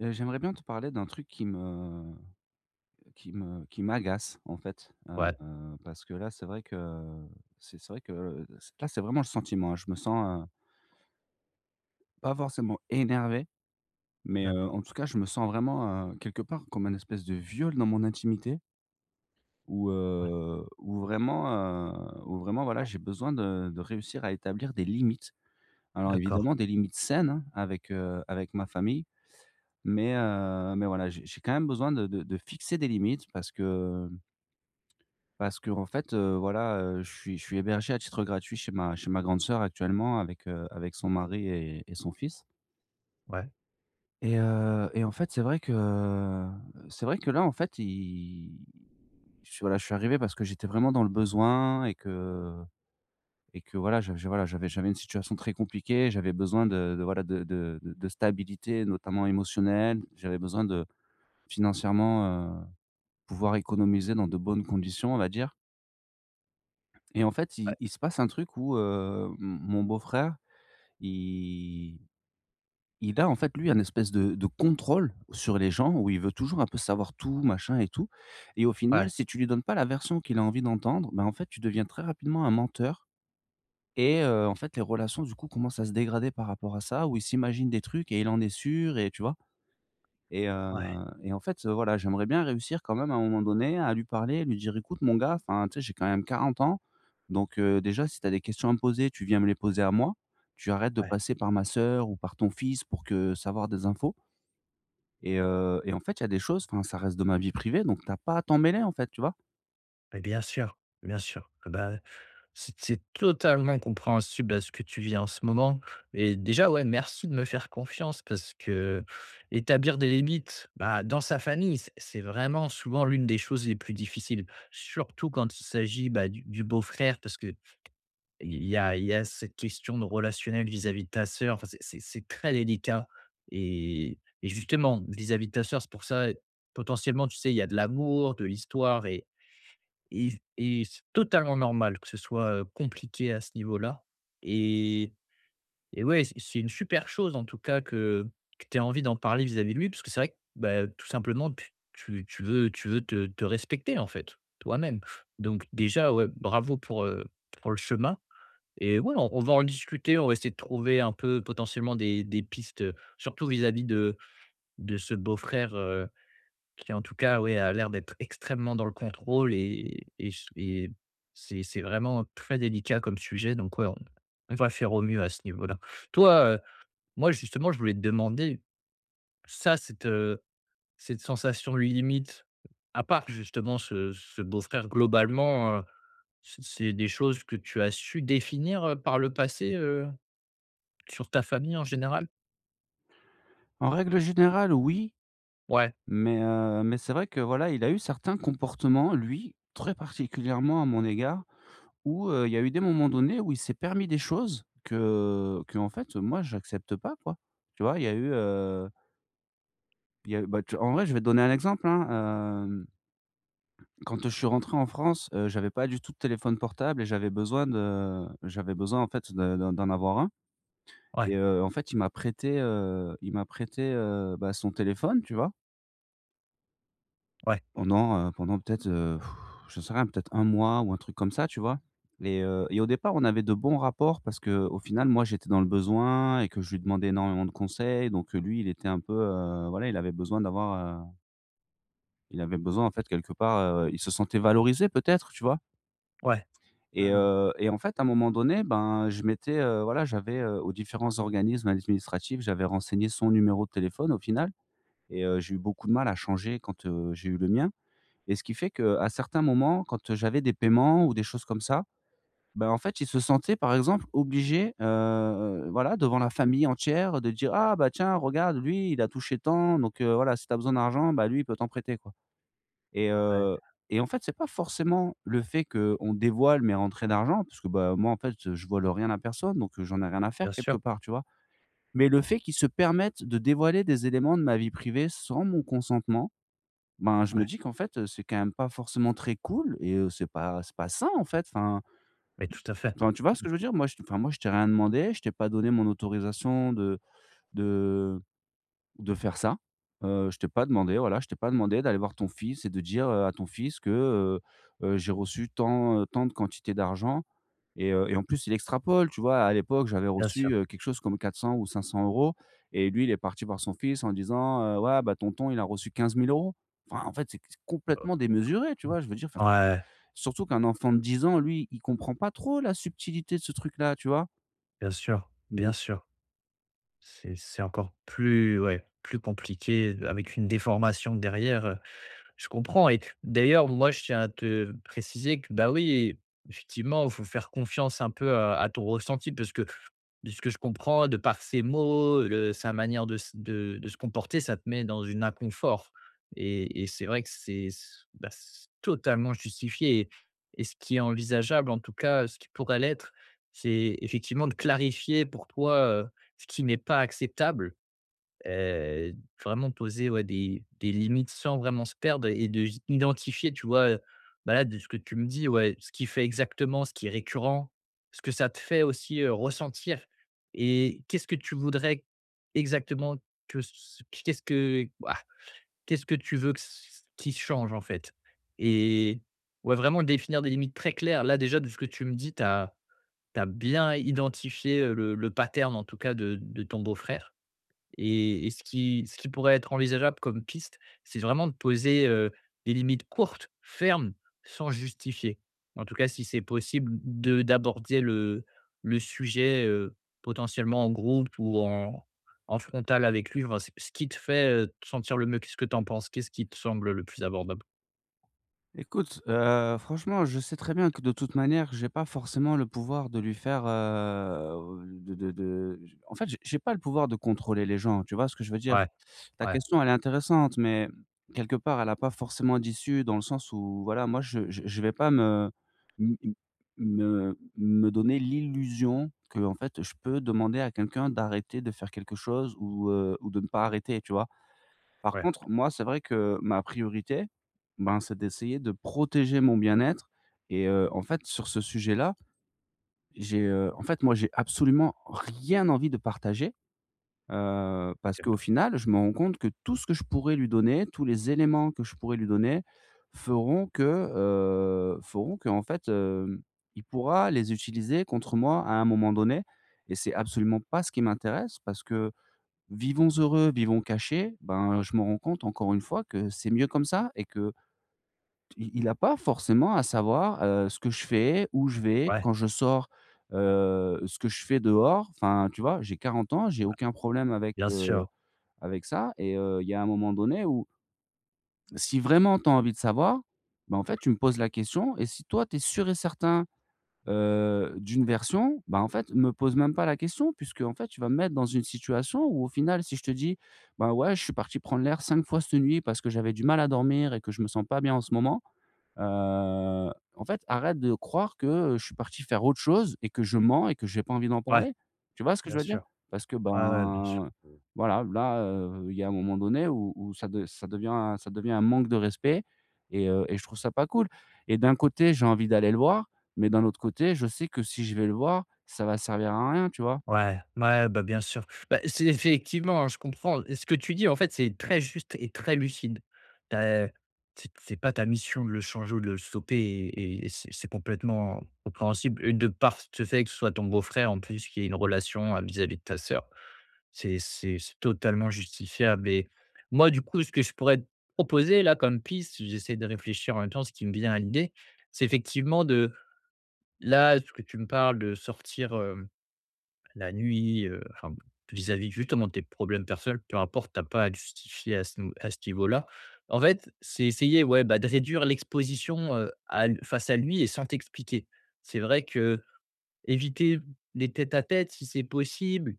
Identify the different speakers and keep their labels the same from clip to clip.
Speaker 1: Heu, j'aimerais bien te parler d'un truc qui me qui me qui m'agace, en fait. Heu,
Speaker 2: Ouais.
Speaker 1: heu, parce que là, c'est vrai que c'est c'est vrai que c là, c'est vraiment le sentiment. Je me sens, heu pas forcément énervé, mais heu,
Speaker 2: D'accord.
Speaker 1: en tout cas, je me sens vraiment, heu, quelque part comme un espèce de viol dans mon intimité où,
Speaker 2: Ouais.
Speaker 1: heu, où vraiment heu, où vraiment voilà, j'ai besoin de de réussir à établir des limites. Alors
Speaker 2: D'accord.
Speaker 1: évidemment, des limites saines hein, avec heu, avec ma famille. Mais, heu, mais voilà, j'ai j'ai quand même besoin de de de fixer des limites parce que, mmh parce qu'en fait heu, voilà, heu, je suis je suis hébergé à titre gratuit chez ma chez ma grande sœur actuellement avec heu, avec son mari et et son fils.
Speaker 2: Ouais.
Speaker 1: Et heu, et en fait, c'est vrai que c'est vrai que là en fait, i je suis voilà je suis arrivé parce que j'étais vraiment dans le besoin, et que et que voilà, j j voilà j'avais j'avais une situation très compliquée. J'avais besoin de de voilà, de de de de stabilité, notamment émotionnelle. J'avais besoin de financièrement heu, pouvoir économiser dans de bonnes conditions, on va dire. Et en fait,
Speaker 2: Ouais.
Speaker 1: il il se passe un truc où, heu, mon mon beau frère, il il a en fait lui un espèce de de contrôle sur les gens où il veut toujours un peu savoir tout, machin et tout et au final,
Speaker 2: Ouais.
Speaker 1: si tu lui donnes pas la version qu'il a envie d'entendre, ben en fait, tu deviens très rapidement un menteur et heu, en fait, les relations du coup commencent à se dégrader par rapport à ça ou il s'imagine des trucs et il en est sûr et tu vois? Et heu,
Speaker 2: Ouais.
Speaker 1: et en fait, heu, voilà, j'aimerais bien réussir quand même à un moment donné à lui parler et lui dire: «Écoute mon gars, enfin tu sais, j'ai quand même 40 ans donc heu, déjà, si tu as des questions à me poser, tu viens me les poser à moi. Tu arrêtes de
Speaker 2: Ouais.
Speaker 1: passer par ma sœur ou par ton fils pour que savoir des infos» «et heu, et en fait, il y a des choses, enfin ça reste de ma vie privée, donc tu as pas à t'en mêler en fait». Tu vois?
Speaker 2: Mais bien sûr, bien sûr, et bah, ouais c c'est totalement compréhensible à ce que tu vis en ce moment et déjà, ouais, merci de me faire confiance parce que, heu, établir des limites, bah dans sa famille, c c'est vraiment souvent l'une des choses les plus difficiles, surtout quand il s'agit, bah, du du beau-frère parce que il y a il y a cette question de relationnel vis-à-vis de ta sœur. Enfin, c'est c'est très délicat et et justement vis-à-vis de ta sœur, c'est pour ça potentiellement tu sais il y a de l'amour, de l'histoire et y et c totalement normal que ce soit, heu, compliqué à ce niveau là, et et ouais, c c'est une super chose en tout cas que que tu aies envie d'en parler vis-à-vis de lui, puisque c'est vrai que, beh tout simplement tu tu tu veux tu veux te te respecter en fait, toi-même, donc déjà ouais bravo pour, heu, pour le chemin et ouais on on va en discuter, on va essayer de trouver un peu potentiellement des des pistes, heu, surtout vis-à-vis de de ce beau-frère, heu, qui en tout cas, ouais, a l'air d'être extrêmement dans le contrôle et et s et c'est c'est vraiment très délicat comme sujet, donc ouais, on on va faire au mieux à ce niveau là. Toi, heu moi, justement, je voulais te demander, ça, cette, heu, cette sensation limite à part justement ce ce beau-frère globalement, heu, c c'est des choses que tu as su définir, heu, par le passé, heu, sur ta famille en général?
Speaker 1: En règle générale, oui,
Speaker 2: Ouais.
Speaker 1: mais heu, mais c'est vrai que voilà, il a eu certains comportements, lui, très particulièrement à mon égard, où, heu, il y a eu des moments donnés où il s'est permis des choses, que qu'en fait, heu, moi, j'accepte pas quoi. Tu vois? Il y a eu, heu il y a eu, bah tu en vrai, je vais te donner un exemple, hein, hem quand je suis rentré en France, heu, j'avais pas du tout de téléphone portable et j'avais besoin de j'avais besoin en fait de de d'en avoir un
Speaker 2: Ouais.
Speaker 1: et heu, en fait, il m'a prêté, heu, il m'a prêté, heu, bah, son téléphone, tu vois
Speaker 2: Ouais.
Speaker 1: pendant, heu, pendant, peut-être, j'en sais rien, peut-être 1 mois ou un truc comme ça, tu vois et heu et au départ, on avait de bons rapports parce qu'au final, moi, j'étais dans le besoin et que je lui demandais énormément de conseils, donc heu, lui, il était un peu, heu, voilà, il avait besoin d'avoir, heu il avait besoin en fait quelque part, heu il se sentait valorisé peut-être, tu vois
Speaker 2: Ouais.
Speaker 1: et
Speaker 2: Ah ouais.
Speaker 1: heu et en fait, à un moment donné, ben, je m'étais, heu, voilà, j'avais, heu, aux différents organismes administratifs, j'avais renseigné son numéro de téléphone au final et heu, j'ai eu beaucoup de mal à changer quand, heu, j'ai eu le mien et ce qui fait, qu'à certains moments, quand, heu, j'avais des paiements ou des choses comme ça, bah, en fait, il se sentait, par exemple, obligé, heu, voilà, devant la famille entière de dire: «Ah, bah, tiens, regarde lui, il a touché tant, donc heu, voilà, si tu as besoin d'argent, bah, lui, il peut t'en prêter quoi» et
Speaker 2: Ouais.
Speaker 1: heu, et en fait, c'est pas forcément le fait qu'on dévoile mes rentrées d'argent parce que, bah, moi, en fait, heu, je vole rien à personne, donc j'en ai rien à faire
Speaker 2: Bien
Speaker 1: quelque
Speaker 2: sûr.
Speaker 1: part, tu vois, mais le fait qu'il se permette de dévoiler des éléments de ma vie privée, sans mon consentement, ben, je me
Speaker 2: Ouais.
Speaker 1: dis: «Qu'en fait, eu, c'est quand même pas forcément très cool et heu, c'est pas c'est pas sain» en fait, enfin.
Speaker 2: Mais tout à fait.
Speaker 1: Enfin, tu vois ce
Speaker 2: Mmh mh.
Speaker 1: que je veux dire? Moi je t'ai enfin moi je t'ai rien demandé. Je t'ai pas donné mon autorisation de de de faire ça, heu, je t'ai pas demandé, voilà, je t'ai pas demandé d'aller voir ton fils et de dire, heu, à ton fils que, heu heu, j'ai reçu tant, heu, tant de quantité d'argent et heu et en plus il extrapole, tu vois? À l'époque, j'avais
Speaker 2: Bien
Speaker 1: reçu,
Speaker 2: sûr.
Speaker 1: heu, quelque chose comme 400 €, ou 500 € et lui il est parti voir son fils en disant: «Ouais, bah, tonton, il a reçu 15 000 €», enfin, en fait, c'est c'est
Speaker 2: Heu,
Speaker 1: complètement démesuré, tu vois? Je veux dire, enfin
Speaker 2: ouais.
Speaker 1: surtout qu'un enfant de 10 ans, lui, il comprend pas trop la subtilité de ce truc-là, tu vois
Speaker 2: Bien sûr. Bien
Speaker 1: donc
Speaker 2: sûr. C'est c'est encore plus ouais, plus compliqué de avec une déformation derrière, je comprends et d'ailleurs, moi, je tiens à te préciser que, bah, oui, effectivement, il faut faire confiance un peu, heu, à ton ressenti parce que de ce que je comprends de par ses mots, heu, le sa manière de s de de se comporter ça te met dans une inconfort et et c'est vrai que c'est c'est, bah, c'est totalement justifié et et ce qui est envisageable, en tout cas, ce qui pourra l'être, c'est effectivement de clarifier pour toi, heu, ce qui n'est pas acceptable et vraiment poser, ouais, des des limites sans vraiment se perdre et de identifier, tu vois, heu, bah, là, de ce que tu me dis, ouais, ce qu'il fait exactement, ce qui est récurrent, ce que ça te fait aussi, heu, ressentir et qu'est-ce que tu voudrais exactement que c qu'est-ce que, qu'est-ce que tu veux que c qui change en fait et ouais, vraiment définir des limites très claires. Là déjà de ce que tu me dis, tu as tu as bien identifié le le pattern en tout cas de de ton beau-frère, et et ce qui ce qui pourrait être envisageable comme piste, c'est vraiment de poser, heu, des limites courtes, fermes, sans justifier. En tout cas, si c'est possible de d'aborder le le sujet, heu, potentiellement en groupe ou en en frontal avec lui, enfin, ce ce qui te fait, heu, te sentir le mieux. Qu'est-ce que tu en penses? Qu'est-ce qui te semble le plus abordable?
Speaker 1: Écoute, heu, franchement je sais très bien que, de toute manière, j'ai pas forcément le pouvoir de lui faire, heu, de de de je En fait, je j'ai pas le pouvoir de contrôler les gens. Tu vois ce que je veux dire?
Speaker 2: Ouais,
Speaker 1: Ta
Speaker 2: ouais.
Speaker 1: question, elle est intéressante, mais, quelque part, elle a pas forcément d'issue dans le sens où voilà, moi, je je je vais pas me m m me me donner l'illusion qu'en fait je peux demander à quelqu'un d'arrêter de faire quelque chose ou, heu, ou de ne pas arrêter, tu vois? Par
Speaker 2: Ouais.
Speaker 1: contre, moi, c'est vrai que, ma priorité, ben, c'est d'essayer de protéger mon bien-être. Et heu, en fait, sur ce sujet-là, j'ai, heu, en fait, moi, j'ai absolument rien envie de partager, heu, parce
Speaker 2: OK.
Speaker 1: qu'au final, je m'en rends compte que tout ce que je pourrais lui donner, tous les éléments que je pourrais lui donner feront que, heu, feront qu'en fait, heu, il pourra les utiliser contre moi à un moment donné. Et c'est absolument pas ce qui m'intéresse parce que: «Vivons heureux, vivons cachés». Ben, je m'en rends compte, encore une fois, que c'est mieux comme ça et qu'il a pas forcément à savoir, heu, ce que je fais, où je vais
Speaker 2: Ouais.
Speaker 1: quand je sors, heu, ce que je fais dehors. Enfin, tu vois, j'ai 40 ans, j'ai
Speaker 2: Bah.
Speaker 1: aucun problème avec,
Speaker 2: Bien
Speaker 1: heu,
Speaker 2: sûr.
Speaker 1: avec ça. Et heu, il y a un moment donné où si vraiment tu as envie de savoir, bah, en fait, tu me poses la question. Et si, toi tu es sûr et certain, heu, d'une version, bah, en fait, me pose même pas la question, puisqu'en fait tu vas me mettre dans une situation où, au final, si je te dis: «Ben ouais, je suis parti prendre l'air 5 fois cette nuit parce que j'avais du mal à dormir et que je me sens pas bien en ce moment, heu, en fait, arrête de croire que, heu, je suis parti faire autre chose et que je mens et que j'ai pas envie d'en
Speaker 2: Ouais,
Speaker 1: parler». Tu vois ce que
Speaker 2: bien
Speaker 1: je veux dire?
Speaker 2: sûr.
Speaker 1: Parce que
Speaker 2: Ouais, ouais, bien sûr.
Speaker 1: ben, heu, voilà, là, heu, il y a un moment donné où où ça de ça devient ça devient un manque de respect et heu et je trouve ça pas cool. Et d'un côté, j'ai envie d'aller le voir, mais d'un autre côté, je sais que, si je vais le voir, ça va servir à rien, tu vois?
Speaker 2: Ouais. Ouais, bah, bien sûr. Bah, c'est effectivement, hein, je comprends. Et ce que tu dis, en fait, c'est très juste et très lucide. Tu as, heu t C'est pas ta mission de le changer ou de le stopper et et c'est c'est complètement compréhensible. Et de part ce fait que ce soit ton beau-frère, en plus, qui est une relation, heu, vis-à-vis de ta sœur, c'est c'est c'est totalement justifiable et moi du coup, ce que je pourrais te proposer-là comme piste j'essaie de réfléchir en même temps. Ce qui me vient à l'idée, c'est effectivement de Là, ce que tu me parles de sortir, heu, la nuit heu, enfin bon, vis-à-vis justement de tes problèmes personnels, peu importe, tu as pas à te justifier à ce nou à ce niveau-là. En fait, c'est essayer, ouais, bah, de réduire l'exposition, heu, à l face à lui et sans t'expliquer. C'est vrai que éviter les tête-à-tête, si c'est possible,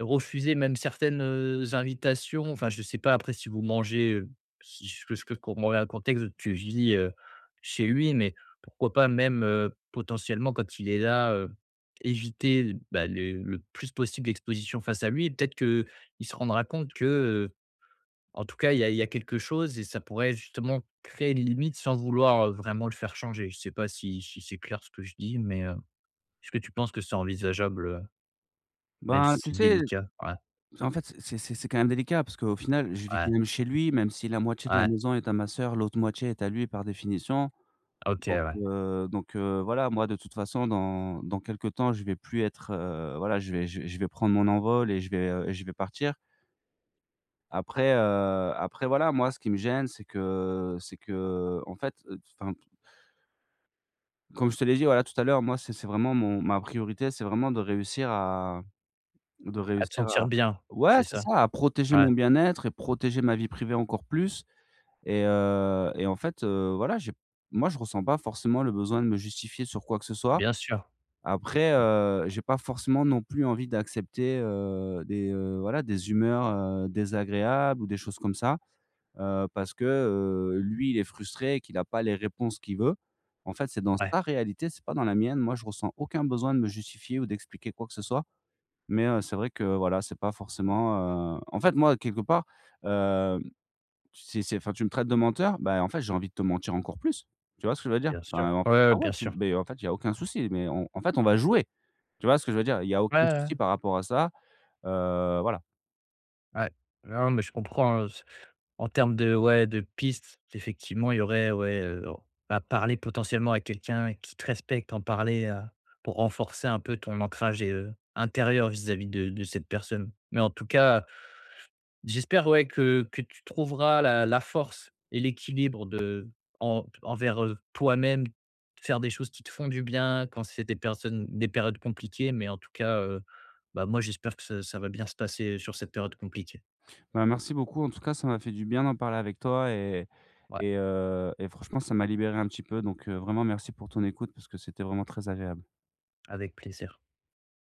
Speaker 2: refuser même certaines, heu, invitations Enfin, je sais pas. Après, si vous mangez, heu, si ce que je peux f comme on a un contexte de tu vis, heu, chez lui mais pourquoi pas même, heu, potentiellement quand il est là, heu, éviter l bah, les le plus possible d'exposition face à lui et peut-être qu'il se rendra compte que, heu, en tout cas il y a il y a quelque chose et ça pourrait justement créer les limites sans vouloir, heu, vraiment le faire changer. Je sais pas si si c'est clair ce que je dis mais, heu, est-ce que tu penses que c'est envisageable, heu, même
Speaker 1: Ben,
Speaker 2: si
Speaker 1: tu
Speaker 2: c'est
Speaker 1: sais,
Speaker 2: délicat? Ouais.
Speaker 1: c'est en fait, c'est c'est c'est quand même délicat parce qu'au final, je vis quand
Speaker 2: Ouais.
Speaker 1: même chez lui, même si la moitié de la
Speaker 2: Ouais.
Speaker 1: maison est à ma sœur, l'autre moitié est à lui par définition.
Speaker 2: OK
Speaker 1: Donc
Speaker 2: ouais.
Speaker 1: heu donc heu, voilà, moi de toute façon, dans dans quelque temps, je vais plus être, heu, voilà, je vais je vais je vais prendre mon envol et je vais, heu et je vais partir après, heu, après voilà, moi ce qui me gêne, c'est que c'est qu'en fait, heu, t enfin p comme je te l'ai dit voilà tout à l'heure, moi, c'est c'est vraiment mon ma priorité, c'est vraiment de réussir à de
Speaker 2: À te
Speaker 1: réussir
Speaker 2: sentir
Speaker 1: à
Speaker 2: bien,
Speaker 1: ouais!
Speaker 2: c'est
Speaker 1: C'est
Speaker 2: ça?
Speaker 1: ça! À protéger
Speaker 2: Ouais.
Speaker 1: mon bien-être et protéger ma vie privée encore plus et heu et en fait, heu, voilà, j'ai p moi je ressens pas forcément le besoin de me justifier sur quoi que ce soit.
Speaker 2: Bien sûr.
Speaker 1: Après,
Speaker 2: Mmh.
Speaker 1: heu, j'ai pas forcément non plus envie d'accepter, heu, des, heu, voilà des humeurs, heu, désagréables ou des choses comme ça, heu, parce que, heu, lui, il est frustré et qu'il a pas les réponses qu'il veut. En fait, c'est dans
Speaker 2: Ouais.
Speaker 1: sa réalité, c'est pas dans la mienne. Moi, je ressens aucun besoin de me justifier ou d'expliquer quoi que ce soit. Mais, heu, c'est vrai que voilà c'est pas forcément, heu en fait, moi, quelque part, heu, c'est c'est enfin tu me traites de menteur? Ben en fait, j'ai envie de te mentir encore plus. Tu vois ce que je veux dire?
Speaker 2: Bien
Speaker 1: Enfin
Speaker 2: sûr.
Speaker 1: non
Speaker 2: Ouais, ouais,
Speaker 1: clairement
Speaker 2: bien
Speaker 1: tu
Speaker 2: sûr.
Speaker 1: beh en fait, il y a aucun souci, mais on, en fait, on va jouer. Tu vois ce que je veux dire? Il y a
Speaker 2: Ouais, ouais,
Speaker 1: aucun
Speaker 2: ouais.
Speaker 1: souci par rapport à ça. Heu, voilà.
Speaker 2: Ouais. Non, mais je comprends hein, s en termes de ouais, de piste, effectivement il y aurait, ouais, heu, o à parler potentiellement à quelqu'un qui te respecte, en parler à pour renforcer un peu ton ancrage et heu, intérieur vis-à-vis de de cette personne. Mais en tout cas, j'espère ouais, que que tu trouveras la la force et l'équilibre de en envers, heu, toi-même, faire des choses qui te font du bien quand c'est des personnes des périodes compliquées. Mais en tout cas, heu, bah moi j'espère que ça ça va bien se passer sur cette période compliquée.
Speaker 1: Ben merci beaucoup en tout cas ça m'a fait du bien d'en parler avec toi et
Speaker 2: Ouais.
Speaker 1: et heu, et franchement ça m'a libéré un petit peu donc heu, vraiment merci pour ton écoute parce que c'était vraiment très agréable.
Speaker 2: Avec plaisir.